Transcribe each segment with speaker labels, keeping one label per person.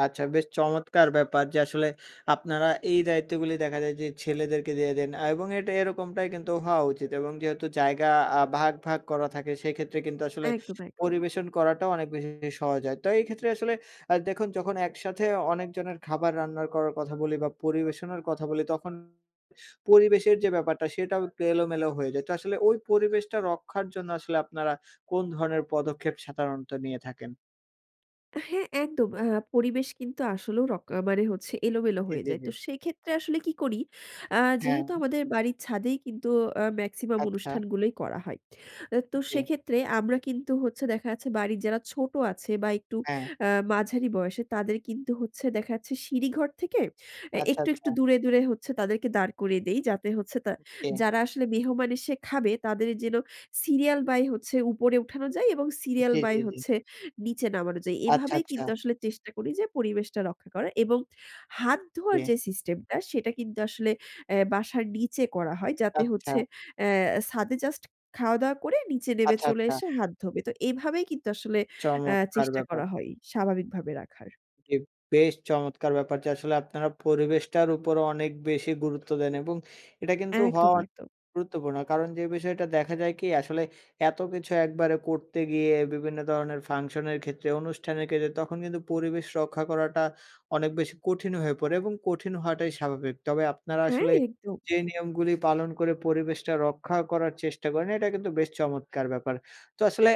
Speaker 1: আচ্ছা বেশ চমৎকার ব্যাপার। যে আসলে আপনারা এই দায়িত্বগুলি দেখা যায়। যে ছেলেদেরকে দিয়ে দেন এবং এটা এরকমটাই কিন্তু হওয়া উচিত এবং যেহেতু জায়গা আ ভাগ, ভাগ করা থাকে। সেক্ষেত্রে কিন্তু আসলে
Speaker 2: একদম, একদম।
Speaker 1: পরিবেশন করাটাও অনেক বেশি সহজ হয়। তো এই ক্ষেত্রে আসলে আ দেখুন যখন একসাথে অনেকজনের খাবার রান্নার করার কথা বলি বা পরিবেশনের কথা বলি। তখন পরিবেশের যে ব্যাপারটা সেটাও একটু এলোমেলো হয়ে যায়। তো আসলে ওই পরিবেশটা রক্ষার জন্য আসলে আপনারা কোন ধরনের পদক্ষেপ সাধারণত নিয়ে থাকেন?
Speaker 2: হ্যাঁ, একদম। আ পরিবেশ কিন্তু আসলেও রক মানে হচ্ছে এলোমেলো
Speaker 1: জি,
Speaker 2: হয়ে
Speaker 1: জি,
Speaker 2: যায়।
Speaker 1: জি।
Speaker 2: তো সেক্ষেত্রে আসলে কি করি, আ যেহেতু
Speaker 1: হ্যাঁ।
Speaker 2: আমাদের বাড়ির ছাদেই কিন্তু আ মেক্সিমাম
Speaker 1: আচ্ছা।
Speaker 2: অনুষ্ঠানগুলোই করা হয়। তো
Speaker 1: জি।
Speaker 2: সেক্ষেত্রে আমরা কিন্তু হচ্ছে দেখা যাচ্ছে বাড়ির যারা ছোট আছে বা একটু
Speaker 1: হ্যাঁ।
Speaker 2: আ মাঝারি বয়সের। তাদের কিন্তু হচ্ছে দেখা যাচ্ছে সিঁড়ি ঘর থেকে
Speaker 1: আচ্ছা,
Speaker 2: একটু,
Speaker 1: আচ্ছা।
Speaker 2: একটু দূরে দূরে হচ্ছে তাদেরকে দাঁড় করিয়ে দেই, যাতে হচ্ছে তা
Speaker 1: জি।
Speaker 2: যারা আসলে মেহমান এসে খাবে। তাদের যেন সিরিয়াল বাই হচ্ছে উপরে উঠানো যায় এবং সিরিয়াল
Speaker 1: জি,
Speaker 2: বাই
Speaker 1: জি, জি।
Speaker 2: হচ্ছে নিচে নামানো যায়।
Speaker 1: আচ্ছা,
Speaker 2: এভাবেই
Speaker 1: আচ্ছা।
Speaker 2: কিন্তু আসলে চেষ্টা করি যে পরিবেশটা রক্ষা করা এবং হাত ধোয়ার
Speaker 1: জি।
Speaker 2: যে সিস্টেম টা, সেটা কিন্তু আসলে এ বাসার নিচে করা হয়। যাতে হচ্ছে
Speaker 1: আচ্ছা।
Speaker 2: এ ছাদে জাস্ট খাওয়া-দাওয়া করে নিচে নেমে
Speaker 1: আচ্ছা,
Speaker 2: চলে
Speaker 1: আচ্ছা।
Speaker 2: এসে হাত ধোবে। তো এভাবেই কিন্তু আসলে আ
Speaker 1: চমৎকার
Speaker 2: চেষ্টা
Speaker 1: ব্যাপার।
Speaker 2: করা হয়, স্বাভাবিকভাবে রাখার।
Speaker 1: ঠিক, বেশ চমৎকার ব্যাপার। যে আসলে আপনারা পরিবেশটার উপরও অনেক বেশি গুরুত্ব দেন এবং এটা কিন্তু হওয়া
Speaker 2: একদম,
Speaker 1: অনে
Speaker 2: একদম।
Speaker 1: গুরুত্বপূর্ণ। কারণ যে বিষয়টা দেখা যায় কি? আসলে এত কিছু একবারে করতে গিয়ে বিভিন্ন ধরনের ফাংশনের ক্ষেত্রে, অনুষ্ঠানের ক্ষেত্রে। তখন কিন্তু পরিবেশ রক্ষা করাটা অনেক বেশি কঠিন হয়ে পড়ে এবং কঠিন হওয়াটাই স্বাভাবিক। তবে আপনারা
Speaker 2: হ্যাঁ,
Speaker 1: আসলে
Speaker 2: একদম।
Speaker 1: যে নিয়মগুলি পালন করে পরিবেশটা রক্ষা করার চেষ্টা করেন, এটা কিন্তু বেশ চমৎকার ব্যাপার। তো আসলে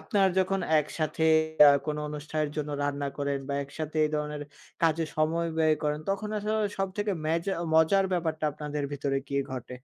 Speaker 1: আপনার যখন একসাথে এ কোনো অনুষ্ঠানের জন্য রান্না করেন বা একসাথে এই ধরনের কাজে সময় ব্যয় করেন। তখন আসলে সবথেকে মেজ মজার ব্যাপারটা আপনাদের ভিতরে কি ঘটে?